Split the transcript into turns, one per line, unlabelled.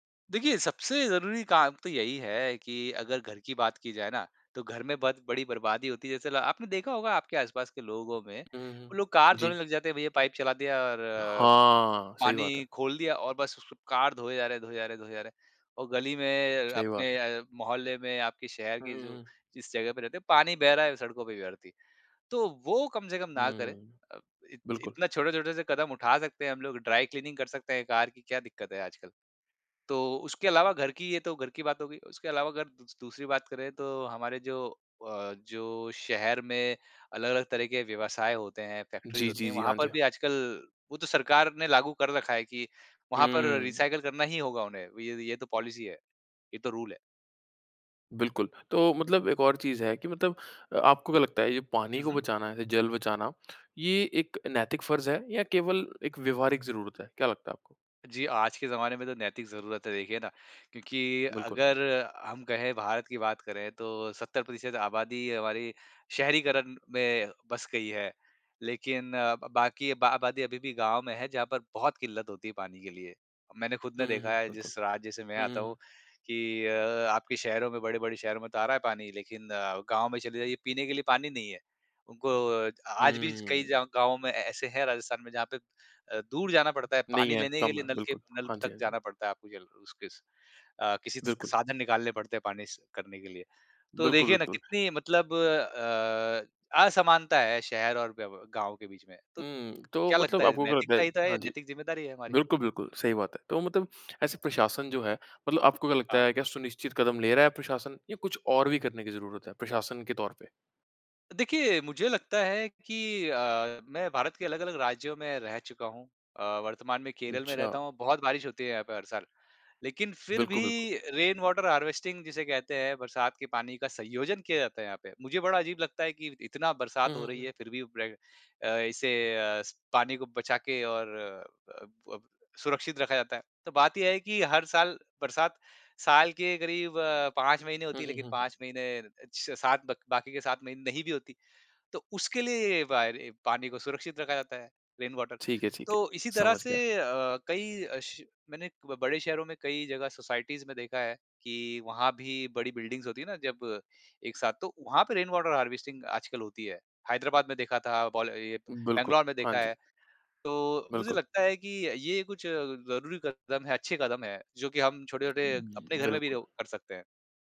देखिए, सबसे ज़रूरी काम तो यही है कि अगर घर की बात की जाए ना तो घर में बत बड़ी बर्बादी होती है जैसे ला आपने देखा होगा आपके आस-पास के लोगों में
हुँ, हुँ।
वो लोग कार धोने
जी।
लग जाते हैं भैया पाइप चला दिया और अ,
हाँ, सही बात है।
पानी खोल दिया और बस उसको कार धोए जा रहे हैं, धोए जा रहे हैं, धोए जा रहे हैं, और गली में
सही बात
अपने
है।
अ, मोहल्ले में आपके शहर
हुँ,
के जो
हुँ।
जिस जगह पे रहते हैं पानी बह रहा है सड़कों पे व्यर्थ ही, तो वो कम से कम ना
हुँ,
करें।
हुँ।
अ, इ
बिल्कुल।
इतना छोटे-छोटे से कदम उठा सकते हैं हम लोग ड्राई क्लीनिंग कर सकते हैं कार की क्या दिक्कत है आजकल। तो उसके अलावा घर की ये तो घर की बात हो गई। उसके अलावा अगर दू दूसरी बात करें तो हमारे जो अ, जो शहर में अलग-अलग तरह के व्यवसाय होते हैं फैक्ट्रीज़
जी,
होती
जी,
हैं
जी।
वहाँ
हाँ, जी,
पर भी
हाँ।
आजकल वो तो सरकार ने लागू कर रखा है कि वहाँ पर
हुँ।
रिसाइकिल करना ही होगा उन्हें वि ये तो पॉलिसी है, ये तो रूल है।
बिल्कुल, तो मतलब एक और चीज़ है कि मतलब अ, आपको क्या लगता है ये पानी
हुँ,
को
हुँ।
बचाना है, ये जल बचाना, ये एक नैतिक फर्ज़ है या केवल एक व्यवहारिक ज़रूरत है? क्या लगता है आपको?
जी, आज के जमाने में तो नैतिक ज़रूरत है देखिए ना, क्योंकि
बिल्कुल।
अगर हम कहें भारत की बात करें तो 70% आबादी हमारी शहरीकरण में बस गई है। लेकिन अ, ब बाकी बा आबादी अभी भी गाँव में है जहाँ पर बहुत किल्लत होती है पानी के लिए। मैंने खुद ने
हुँ, हुँ,
देखा
हुँ।
है
बिल्कुल,
जिस राज्य से मैं
हुँ, हुँ,
आता हूँ
हुँ।
कि अ, आपके शहरों में बड़े-बड़े शहरों में तो आ रहा है पानी लेकिन अ, गाँव में चले जाइए पीने के लिए पानी नहीं है। उनको आज भी च कई
हुँ।
जाव गाँवों में ऐसे हैं राजस्थान में जहाँ पे अ, दूर जाना पड़ता है
नहीं
पानी
है।
लेने के
कम
लिए
है
नलके
बिल्कुल।
नल
हाँ जी,
तक
हाँ जी।
जाना पड़ता है आपको जल उस किस अ, किसी स
बिल्कुल।
साधन निकालने पड़ते हैं पानी स करने के लिए। तो
बिल्कुल,
देखिए ना
बिल्कुल।
कितनी मतलब अ, असमानता है शहर और व्य गाँव के बीच में। तो
हुँ, तो
क्या लगता
मतलब
है?
आपको क्या लगता
नैतिकता
है
ही तो है
हाँ
ये
जी।
नैतिक ज़िम्मेदारी है हमारी।
बिल्कुल, बिल्कुल, सही बात है। तो मतलब ऐसे प्रशासन जो है मतलब आपको क्या लगता
हाँ।
है क्या सुनिश्चित कदम ले रहा है प्रशासन, या कुछ और भी करने की ज़रूरत है प्रशासन के तौर पे?
देखिए मुझे लगता है कि अ, मैं भारत के अलग-अलग राज्यों में रह चुका हूँ, अ, वर्तमान में केरल में
अच्छा।
रहता हूँ बहुत बारिश होती है यहाँ पे हर साल। लेकिन फिर भी
बिल्कुल, बिल्कुल।
रेन वाटर हार्वेस्टिंग जिसे कहते हैं बरसात के पानी का सँयोजन किया जाता है यहाँ पे। मुझे बड़ा अजीब लगता है कि इतना
हुँ,
बरसात हो
हुँ,
रही
हुँ।
है फिर भी ब्रे अ, इसे अ, स पानी को बचा के और अ, अब सुरक्षित रखा जाता है। तो बात ये है कि हर साल बरसात साल के करीब अ, 5 महीने
हुँ,
होती है लेकिन
हुँ, हुँ।
5 महीने अ, 6-7 बक बाकी के 7 महीने नहीं भी होती। तो उसके लिए ये वायर ए पानी को सुरक्षित रखा जाता है रेन वाटर।
ठीक है ठीक है,
तो इसी तरह
समझ
से
गया।
अ, कई अ, श मैंने बड़े शहरों में कई जगह सोसाइटीज़ में देखा है कि वहाँ भी बड़ी बिल्डिंग्स होती है ना जब एक साथ, तो वहाँ पे रेन वाटर हार्वेस्टिंग आजकल होती है, हैदराबाद में देखा था बाल ये
बिल्कुल,
बैंगलोर में
हाँ
देखा
जी।
है। तो मुझे
बिल्कुल।
लगता है कि ये कुछ अ, ज़रूरी कदम है अच्छे कदम हैं जो कि हम छोटे-छोटे अपने घर में भी
बिल्कुल।
वो कर सकते हैं।